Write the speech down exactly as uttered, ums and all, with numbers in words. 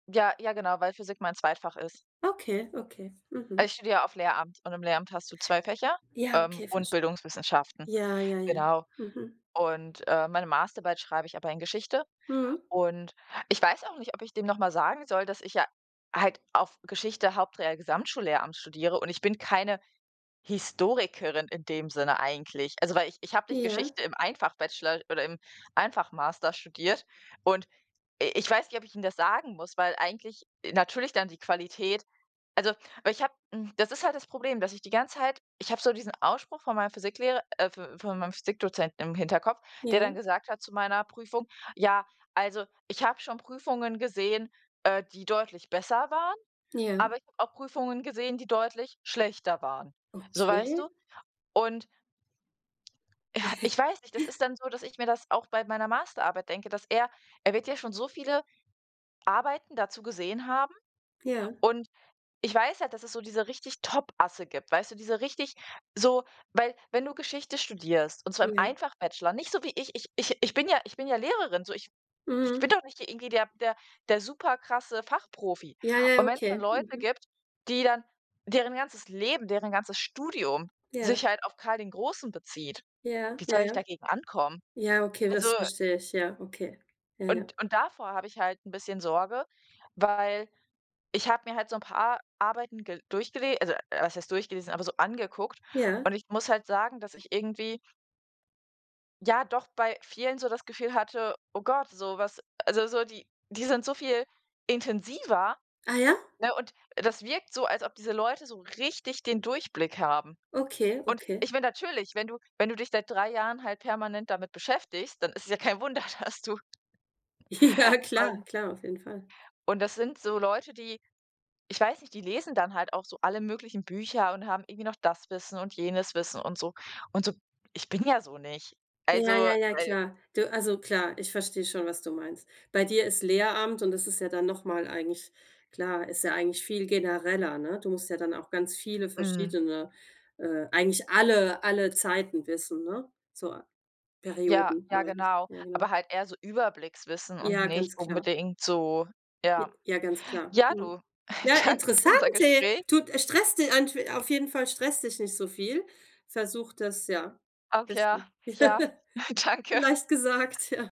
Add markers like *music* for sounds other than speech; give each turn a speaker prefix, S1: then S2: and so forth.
S1: Ja, ja genau, weil Physik mein Zweitfach ist.
S2: Okay, okay,
S1: Also,
S2: mhm.
S1: ich studiere ja auf Lehramt und im Lehramt hast du zwei Fächer,
S2: Ja,
S1: ähm,
S2: okay,
S1: und
S2: versch
S1: Bildungswissenschaften,
S2: Ja, ja, ja.
S1: genau.
S2: Mhm.
S1: Und, äh, meine Masterarbeit schreibe ich aber in Geschichte
S2: Mhm.
S1: und ich weiß auch nicht, ob ich dem noch mal sagen soll, dass ich ja halt auf Geschichte Haupt, Real, Gesamtschullehramt studiere. Und ich bin keine Historikerin in dem Sinne eigentlich. Also, weil ich ich habe nicht
S2: Ja.
S1: Geschichte im Ein-Fach-Bachelor oder im Ein-Fach-Master studiert. Und i ich weiß nicht, ob ich ihm das sagen muss, weil eigentlich i natürlich dann die Qualität also, weil ich habe hm, das ist halt das Problem, dass ich die ganze Zeit ich habe so diesen Ausspruch von meinem Physiklehrer äh, v von meinem Physikdozenten im Hinterkopf, der
S2: Ja.
S1: dann gesagt hat zu meiner Prüfung: „Ja, also, ich habe schon Prüfungen gesehen, äh, die deutlich besser waren,
S2: Ja.
S1: aber ich habe auch Prüfungen gesehen, die deutlich schlechter waren.“ So weißt
S2: Okay.
S1: du? Und ich weiß nicht, das
S2: *chuckles*
S1: ist dann so, dass ich mir das auch bei meiner Masterarbeit denke, dass er er wird ja schon so viele Arbeiten dazu gesehen haben
S2: Ja.
S1: und ich weiß ja, dass es so diese richtig Topasse gibt, weißt du, diese richtig so, weil wenn du Geschichte studierst und zwar im
S2: Ja.
S1: Ein-Fach-Bachelor, nicht so wie ich, ich ich ich bin ja ich bin ja Lehrerin, so, ich ich bin
S2: Mhm.
S1: doch nicht hier irgendwie der der der super krasse Fachprofi.
S2: Ja, ja,
S1: Und wenn's dann
S2: okay,
S1: Leute
S2: mhm.
S1: gibt, die dann deren ganzes Leben, deren ganzes Studium
S2: Ja.
S1: sich halt auf Karl den Großen bezieht,
S2: Ja,
S1: wie soll ich
S2: ja.
S1: dagegen ankommen?
S2: Ja, okay,
S1: Also
S2: das verstehe ich. Ja, okay, ja, ja.
S1: und und davor habe ich halt 'n bisschen Sorge, weil, ich habe mir halt so 'n paar Ar Arbeiten gel durchgele also was heißt durchgelesen, aber so angeguckt.
S2: Ja.
S1: Und ich muss halt sagen, dass ich irgendwie ja, doch, bei vielen so das Gefühl hatte, oh Gott, so was also so die die sind so viel intensiver,
S2: Ah, ja?
S1: ne? Und das wirkt so, als ob diese Leute so richtig den Durchblick haben.
S2: Okay,
S1: Und
S2: okay.
S1: ich mein, natürlich wenn du wenn du dich seit drei Jahren halt permanent damit beschäftigst, dann ist es ja kein Wunder, dass du
S2: Ja,
S1: Und
S2: klar, klar, auf jeden Fall.
S1: und das sind so Leute, die ich weiß nicht, die lesen dann halt auch so alle möglichen Bücher und haben irgendwie noch das Wissen und jenes Wissen und so. Und so ich bin ja so nicht. Also,
S2: Ja, ja, ja,
S1: weil
S2: klar. Du also klar, ich verstehe schon, was du meinst. Bei dir ist Lehramt und das ist ja dann noch mal eigentlich klar, ist ja eigentlich viel genereller, ne? Du musst ja dann auch ganz viele
S1: Mhm.
S2: verschiedene, äh, eigentlich alle alle Zeiten wissen, ne? So,
S1: Ja,
S2: Perioden,
S1: ja
S2: meine ich.
S1: genau,
S2: Ja, genau.
S1: aber halt eher so Überblickswissen und
S2: Ja, ganz
S1: nicht
S2: klar.
S1: unbedingt so ja.
S2: Ja, ganz klar.
S1: Ja,
S2: Mhm.
S1: du,
S2: Ja,
S1: danke für
S2: interessant,
S1: unser
S2: hey,
S1: Gespräch.
S2: tut stresst di *unintelligible* auf jeden Fall, stress dich nicht so viel. Versuch das, ja,
S1: Ach ja,
S2: bisschen Ja.
S1: ja, danke.
S2: leicht gesagt, ja.